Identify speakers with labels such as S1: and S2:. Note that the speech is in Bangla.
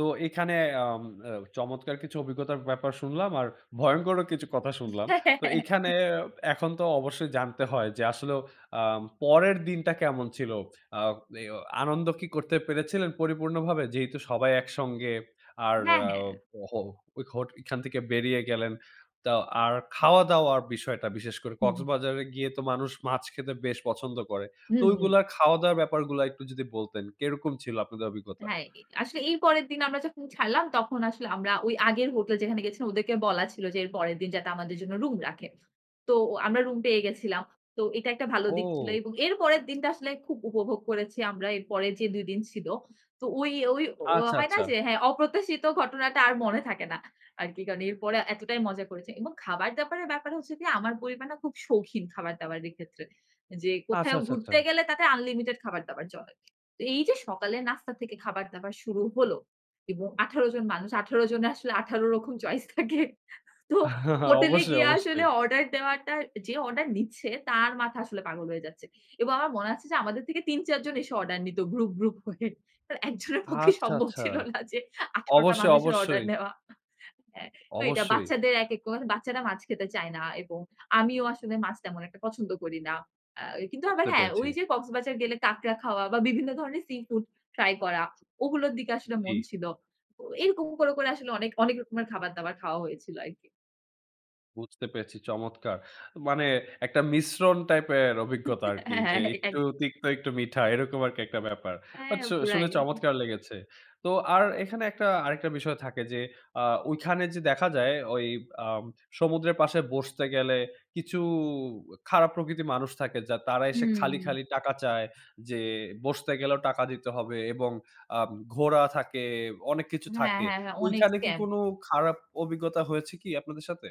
S1: তো এখানে আম আ চমৎকার কিছু অভিজ্ঞতার ব্যাপার শুনলাম আর ভয়ংকরও কিছু কথা শুনলাম। তো এখানে এখন তো অবশ্যই জানতে হয় যে আসলেও আ পরের দিনটা কেমন ছিল? আ এও আনন্দ কি করতে পেরেছিলেন পরিপূর্ণভাবে? যেহেতু সবাই একসঙ্গে আর
S2: হ্যাঁ,
S1: আ
S2: হ্যাঁ।
S1: হ হোট এইখান থেকে বেরিয়ে গেলেন। তো আর খাওয়া দাওয়ার বিষয়টা বিশেষ করে
S2: হুম।
S1: কক্সবাজারে গিয়ে তো মানুষ মাছ খেতে বেশ পছন্দ করে। তো
S2: হুম, হুম।
S1: ওইগুলো খাওয়া দাওয়ার ব্যাপারগুলো একটু যদি বলতেন কিরকম ছিল আপনাদের অভিজ্ঞতা?
S2: হ্যাঁ, এ আসলে এই পরের দিন আমরা যখন ছাড়লাম, তখন আসলে আমরা ওই আগের হোটেল যেখানে গেছিলাম, ওদেরকে বলা ছিল যে, এর পরের দিন যাতে আমাদের জন্য রুম রাখে। তো আমরা রুম পেয়ে গেছিলাম। তো এটা একটা ভালো দিক ছিল।
S1: ও!
S2: এবং এর পরের দিনটা আসলে খুব উপভোগ করেছি আমরা এর পরের যে ২ দিন ছিল। তো ওই, ওই অ
S1: আচ্ছা,
S2: হয় না
S1: আচ্ছা।
S2: যে, হ্যাঁ, অপ্রত্যাশিত ঘটনাটা আর মনে থাকে না আর কি কারণ এরপরে এতটাই মজা করেছি। এবং খাবার-দাবারের ব্যাপার হচ্ছে গিয়ে, আমার পরিবার না খুব শৌখিন খাবার-দাবারের ক্ষেত্রে। যে
S1: আচ্ছা,
S2: কোথায়ও
S1: আচ্ছা, আচ্ছা।
S2: ঘুরতে গেলে তাতে আনলিমিটেড খাবার-দাবার চলে। তো এই যে সকালের নাস্তা থেকে খাবার দাবার শুরু হল। এবং ১৮ জন মানুষ, ১৮ জনের আসলে ১৮ রকম চয়েস থাকে। তো হোটেলে
S1: অবশ্যই,
S2: গিয়ে আসলে
S1: অবশ্যই।
S2: অর্ডার দেওয়াটা, যে অর্ডার নিচ্ছে তার মাথা আসলে পাগল হয়ে যাচ্ছে। এবং আমার মনে আছে যে, আমাদের থেকে ৩-৪ জন এসে অর্ডার নিত গ্রুপ, গ্রুপ হয়ে। অ্যা একজনের পক্ষে
S1: আচ্ছা,
S2: সম্ভব
S1: আচ্ছা।
S2: ছিল না যে ১৮ টা
S1: অবশ্যই,
S2: মানুষের অর্ডার
S1: অবশ্যই।
S2: নেওয়া, হ্যাঁ। তো এটা
S1: অবশ্যই।
S2: বাচ্চাদের একেক কর বাচ্চারা মাছ খেতে চায় না। এবং আমিও আসলে মাছ তেমন একটা পছন্দ করি না। আ কিন্তু আবার
S1: বুঝতে
S2: হ্যাঁ,
S1: পেরেছি।
S2: ওই যে কক্সবাজার গেলে কাঁকড়া খাওয়া বা বিভিন্ন ধরনের সি-ফুড ট্রাই করা, ওগুলোর দিকে আসলে মন
S1: জী।
S2: ছিল। ও এরকম করে করে আসলে অনেক, অনেক রকমের খাবার-দাবার খাওয়া হয়েছিল আরকি।
S1: বুঝতে পেরেছি। চমৎকার! মানে একটা মিশ্রণ টাইপের অভিজ্ঞতা আরকি।
S2: হ্যাঁ,
S1: যে
S2: হ্যাঁ, এটা এক
S1: একটু তিক্ত একটু মিঠা এরকম আরকি একটা ব্যাপার। বাট
S2: হ্যাঁ,
S1: শু
S2: পুরাই।
S1: শুনে চমৎকার লেগেছে। তো আর এখানে একটা আরেকটা বিষয় থাকে যে, আ ওইখানে যে দেখা যায়, ওই আ সমুদ্রের পাশে বসতে গেলে, কিছু খারাপ প্রকৃতির মানুষ থাকে, যা তারা এসে খালি,
S2: হুম।
S1: খালি টাকা চায়। যে বসতে গেলেও টাকা দিতে হবে এবং আ ঘোড়া থাকে, অনেক কিছু
S2: হ্যাঁ,
S1: থাকে।
S2: হ্যাঁ, হ্যাঁ। অনেক
S1: ঐখানে কি
S2: স্ক্যাম।
S1: কোন খারাপ অভিজ্ঞতা হয়েছে কি আপনাদের সাথে?